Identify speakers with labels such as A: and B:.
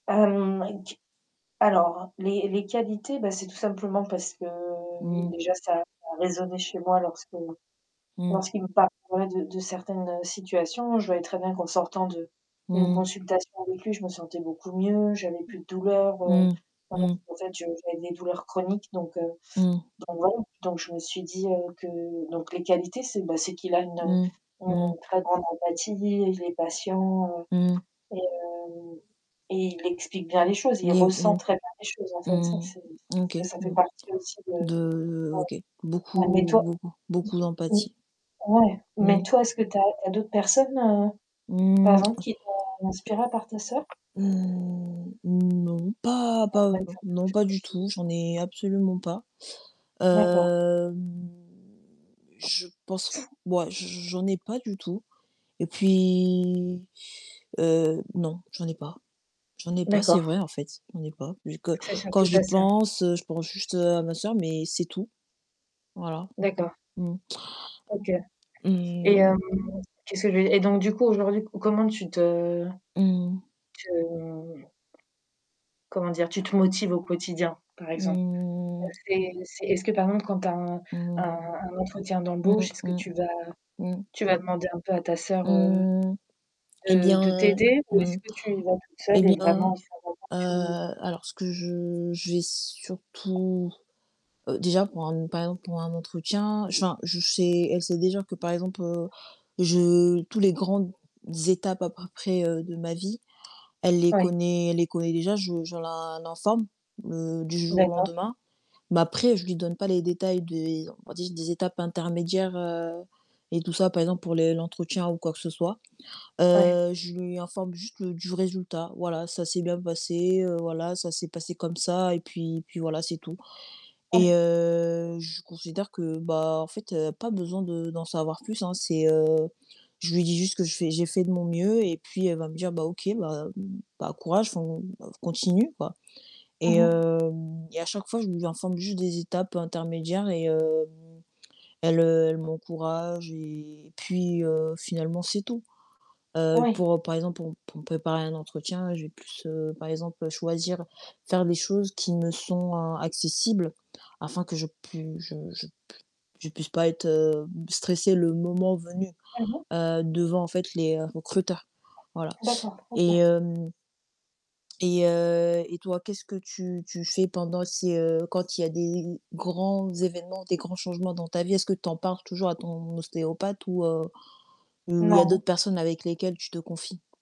A: Hem, avec du alors les les qualités bah, c'est tout simplement parce que, heu,
B: Mmh.
A: déjà ça a résonné chez moi lorsque
B: Mmh.
A: lorsqu'il me parlait de de certaines situations. Je voyais très bien qu'en sortant de d'une
B: Mmh mh.
A: consultation avec lui, je me sentais beaucoup mieux, j'avais plus de douleur, heu,
B: Mmh,
A: voilà.
B: mmh.
A: En fait je j'avais des douleurs chroniques donc heu,
B: Mmh.
A: donc voilà, donc je me suis dit, heu, que donc les qualités, c'est bah, c'est qu'il a une
B: Mmh,
A: une
B: mmh.
A: très grande empathie, [unintelligible] les patients, heu
B: Mmh.
A: et hem et il explique bien les choses,
B: [unintelligible]
A: il ressent
B: Mmh
A: très bien les choses, en fait, ça, c'est
B: mh. OK,
A: ça, ça fait
B: bon.
A: partie aussi de.
B: De
A: [unintelligible]
B: OK,
A: Ouais mais
B: beaucoup,
A: toi
B: beaucoup, beaucoup
A: [unintelligible]
B: d'empathie.
A: ouais. Mais
B: Mmh.
A: toi, est-ce que tu as tu as d'autres personnes, heu, par
B: Mmh.
A: exemple, qui t'ont inspirée à part ta soeur?
B: mmh non, pas
A: [unintelligible]
B: pas heu, non, non,
A: te
B: pas du
A: motiver.
B: tout, j'en ai absolument pas.
A: D'accord.
B: Hem, je pense ouais, j j'en ai pas du tout et puis, heu, non, j'en ai pas. J'en ai pas, c'est
A: D'accord.
B: vrai en fait, j'en ai pas vu que
A: C'est
B: quand
A: surtout
B: j'y
A: ta soeur?
B: pense, je pense juste à ma soeur, mais c'est tout. Voilà.
A: D'accord.
B: Mmh.
A: OK et
B: Mmh.
A: hem, qu'est-ce que je veux dire? Et donc du coup, aujourd'hui co comment tu te
B: Mmh mh.
A: tu hem, comment dire? Tu te motives au quotidien par exemple? Heu,
B: Mmh.
A: c'est c'est est-ce que, par exemple, quand tu as un
B: Mmh
A: un
B: mh.
A: un entretien
B: Mmh
A: d'embauche, est-ce
B: mh,
A: que
B: mmh.
A: tu vas
B: Mmh.
A: tu vas demander un peu à ta soeur, heu,
B: Mmh et
A: de de
B: bien
A: t'aider ou
B: mmh
A: est-ce que tu y vas toute
B: et
A: seule et
B: bien,
A: vraiment, il faut vraiment
B: heu,
A: que tu
B: alors ce que je je vais surtout, heu, déjà pour un par exemple pour un entretien, je enfin, je sais elle sait déjà que par exemple, heu, je tous les grandes étapes à peu près, heu, de ma vie, elle les
A: Ouais.
B: connaît elle les connaît déjà, je je l'in l'informe, heu, du jour au
A: D'accord.
B: lendemain. Mais après, je lui donne pas les détails des on va dire, des étapes intermédiaires, heu et tout ça. Par exemple pour les l'entretien ou quoi que ce soit.
A: Ouais.
B: Heu, je lui informe juste du résultat. Voilà, ça s'est bien passé, heu, voilà, ça s'est passé comme ça et puis et puis voilà, c'est tout et
A: Ouais.
B: heu, je considère que, bah en fait, pas besoin de d'en savoir plus, hein. C'est heu, je lui dis juste que je fais j'ai fait de mon mieux et puis elle va me dire: «Bah OK, bah bah courage, enfin, continue, quoi». Et
A: Mmh mh.
B: hem et à chaque fois, je lui informe juste des étapes intermédiaires et hem, elle, heu, elle m'encourage et puis, heu, finalement, c'est tout. Heu
A: Ouais.
B: pour par exemple, pour pour me préparer à un entretien, j'ai plus, heu, par exemple choisir faire des choses qui me sont accessibles afin que je pui je je p je puisse pas être stressée le moment venu,
A: Mmh mh.
B: heu, devant en fait les recruteurs. Voilà
A: D'accord,
B: et
A: OK.
B: hem et heu et toi, qu'est-ce que tu tu fais pendant si, heu, quand il y a des grands évènements, des grands changements dans ta vie, est-ce que tu en parles toujours à ton ostéopathe ou heu, ou il y a d'autres
A: Non.
B: personnes avec lesquelles tu te confies?